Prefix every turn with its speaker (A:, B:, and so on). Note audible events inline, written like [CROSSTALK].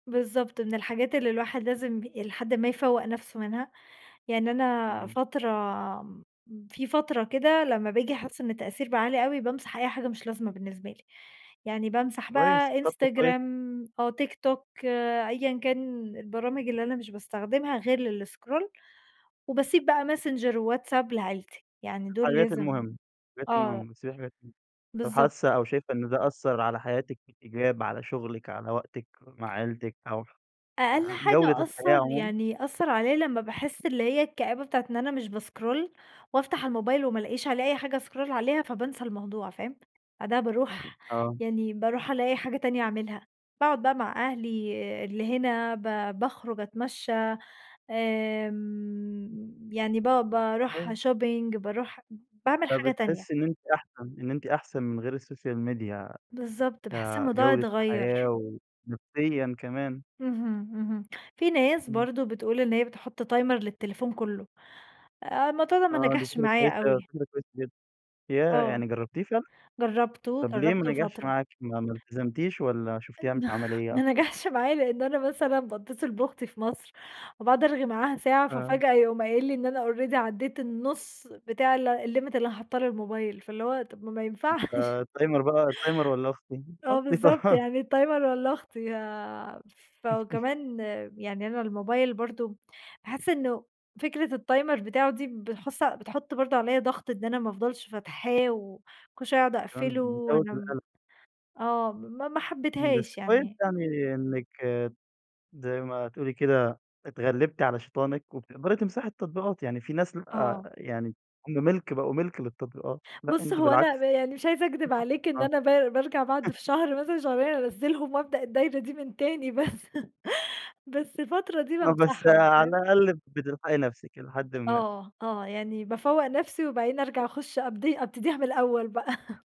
A: بالضبط. من الحاجات اللي الواحد لازم ب إلي حدٍ ما يفوّق نفسه منها، يعني أنا
B: إمم.
A: فترة م في فترة كده لمّا باجي أحس إن التأثير بقى عالي أوي بامسح أي حاجة مش لازمة بالنسبة لي، يعني بامسح
B: كويس،
A: بقى
B: طب ده كويس.
A: إنستجرام، أو تيك توك أيًا كان البرامج اللي أنا مش باستخدمها غير للإسكرول وباسيب بقى ماسنجر وواتس آب لعيلتي يعني دول
B: الحاجات
A: لازم
B: المهمة، الحاجات
A: آه.
B: المهمة بتسيبي حاجات المه طب
A: بالضبط.
B: حاسة أو شايفة إن ده أثر على حياتِك في الإيجاب، على شغلِك، على وقتِك مع عيلتِك أو ح
A: أقل
B: جودة
A: حاجة
B: الحياة
A: أثّر
B: عمومًا؟
A: يعني أثّر عليّا لمّا باحس اللي هي الكآبة بتاعة إن أنا مش باسكرول وأفتح الموبايل وما الاقيش عليه أي حاجة اسكرول عليها فبانسى الموضوع فاهم؟ بعدها باروح
B: آه.
A: يعني باروح ألاقي حاجة تانية أعملها، باقعد بقى مع أهلي اللي هنا ب باخرج أتمشى آمم، يعني ب باروح
B: كويس.
A: shopping باروح باعمل حاجة تانية.
B: فبتحسي إن أنتِ أحسن، إن أنتِ أحسن من غير السوشيال ميديا
A: بالضبط. باحس الموضوع
B: كجودة الحياة،
A: أتغير.
B: ونفسيًا كمان.
A: اهم. اهم. في ناس
B: إمم.
A: برضو بتقول إن هي بتحط timer للتليفون كلّه، الموضوع ده ما
B: آه، دي
A: نجحش
B: فكرة
A: معايا
B: كويّسة أوي،
A: أوي.
B: فكرة كويّسة جدًا ياه
A: آه،
B: يعني جربتيه فعلّا؟
A: جربته
B: طب ليه ما
A: جربته
B: نجحش
A: فترة.
B: معاكِ ما ما التزمتيش والّا شوفتيها مش
A: [CHUCKLES]
B: عمليّة
A: ما
B: أكتر؟
A: نجحش معايا لأن أنا مثلًا باتصل بأختي في مصر وباقعد أرغي معاها ساعة
B: آه.
A: ففاجأة يقوم قايل لى إن أنا already عديت النُص بتاع ال ال limit اللي أنا حاطاه للموبايل فاللي هو طب ما ما ينفعش.
B: آآ، ال timer بقى ال timer والّا أختي؟
A: [CHUCKLES] آه،
B: أختي
A: بالضبط
B: طبعًا.
A: يعني ال timer والّا اختي يا
B: [CHUCKLES]
A: فكمان يعني أنا الموبايل برضو بأحس إنّه فكرة ال timer بتاعه دي بتحص بتحط برضو عليّا ضغط إن أنا ما افضلش فاتحاه وكل شويّة اقعد
B: كان
A: أقفله،
B: بيزود
A: وأنا م
B: القلق.
A: آه، ما ما
B: امم، بس
A: حبيتهاش
B: كويّس
A: يعني.
B: يعني إنّك زي ما تقول لي كده اتغلبتِ على شيطانِك وبتقدري تمسحي التطبيقات، يعني في ناس
A: آه.
B: آآ، يعني هم مِلك بقوا مِلك للتطبيقات لأ
A: بُص،
B: أنتِ
A: هو
B: بالعكس.
A: أنا يعني مش عايزة أكدب عليك
B: [UNINTELLIGIBLE]
A: إن
B: آه.
A: أنا ب بارجع بعد في
B: [CHUCKLES]
A: شهر مثلًا شهرين أنزلهم وابدأ الدايرة دي من تاني بس [CHUCKLES] بس الفترة دي
B: آه، بس،
A: بامسحهم
B: على
A: فاهم؟
B: الأقل بتلحقي نفسِك إلى حدٍ ما.
A: آه، آه، يعني بافوّق نفسي، وبعدين أرجع
B: [UNINTELLIGIBLE]
A: أخش أبدي أبتديها من الأول بقى